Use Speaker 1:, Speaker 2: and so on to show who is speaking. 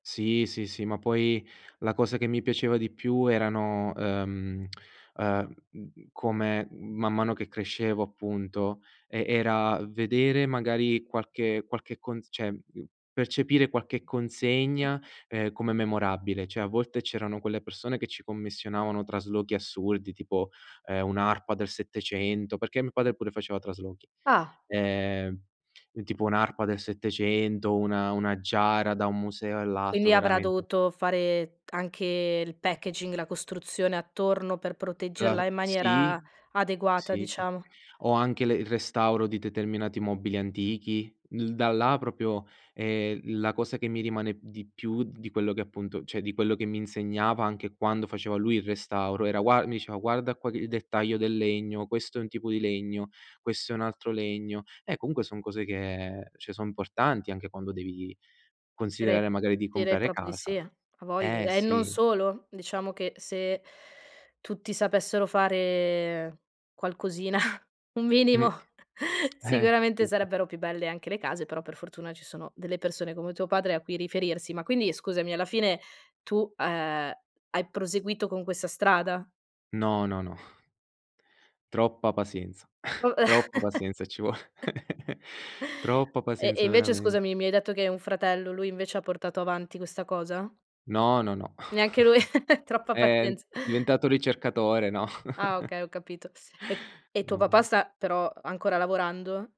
Speaker 1: Sì, sì, sì, ma poi la cosa che mi piaceva di più erano, ehm, ehm, m mhmm, come man mano che crescevo, appunto, e era vedere magari qualche qualche con cioè, mhmm, percepire qualche
Speaker 2: [unintelligible]
Speaker 1: consegna, ehm, come memorabile, cioè, a volte c'erano quelle persone che ci commissionavano traslochi assurdi, tipo, ehm, un'arpa del '700, perché mio padre pure faceva traslochi.
Speaker 2: Ah.
Speaker 1: Ehm, e tipo un'arpa del '700, una una giara da un museo all'altro,
Speaker 2: Quindi avrà
Speaker 1: veramente
Speaker 2: dovuto fare anche il packaging, la costruzione attorno, per proteggerla
Speaker 1: La
Speaker 2: in maniera
Speaker 1: sì,
Speaker 2: adeguata,
Speaker 1: sì, sì.
Speaker 2: diciamo.
Speaker 1: O anche le il restauro di determinati mobili antichi. L da là proprio, ehm, la cosa che mi rimane di più di quello che, appunto cioè, di quello che mi insegnava, anche quando faceva lui il restauro, era gua mi diceva: "Guarda qua che il dettaglio del legno, questo è un tipo di legno, questo è un altro legno". Eh, comunque son cose che cioè, son importanti, anche quando devi
Speaker 2: Dire
Speaker 1: considerare, magari, di
Speaker 2: direi
Speaker 1: comprare
Speaker 2: proprio di sì,
Speaker 1: casa.
Speaker 2: eh, ha vogl
Speaker 1: Eh,
Speaker 2: e non
Speaker 1: sì.
Speaker 2: solo. Diciamo che se tutti sapessero fare qualcosina un
Speaker 1: Mh.
Speaker 2: minimo
Speaker 1: Eh,
Speaker 2: sicuramente
Speaker 1: sì, sì.
Speaker 2: sarebbero più belle anche le case, però, per fortuna, ci sono delle persone come tuo padre a cui riferirsi. Ma quindi, scusami, alla fine, tu, ehm, hai proseguito con questa strada?
Speaker 1: No, no, no. Troppa pazienza,
Speaker 2: Uh.
Speaker 1: troppa pazienza e ci vuole. Troppa
Speaker 2: E e
Speaker 1: pazienza,
Speaker 2: invece,
Speaker 1: veramen
Speaker 2: scusami, mi hai detto che hai un fratello, lui invece ha portato avanti questa cosa?
Speaker 1: No, no, no.
Speaker 2: Neanche lui. Troppa
Speaker 1: È
Speaker 2: pazienz
Speaker 1: diventato ricercatore, no.
Speaker 2: Ah, okay, ho capito. E e tuo
Speaker 1: No,
Speaker 2: papà
Speaker 1: no.
Speaker 2: sta, però, ancora lavorando?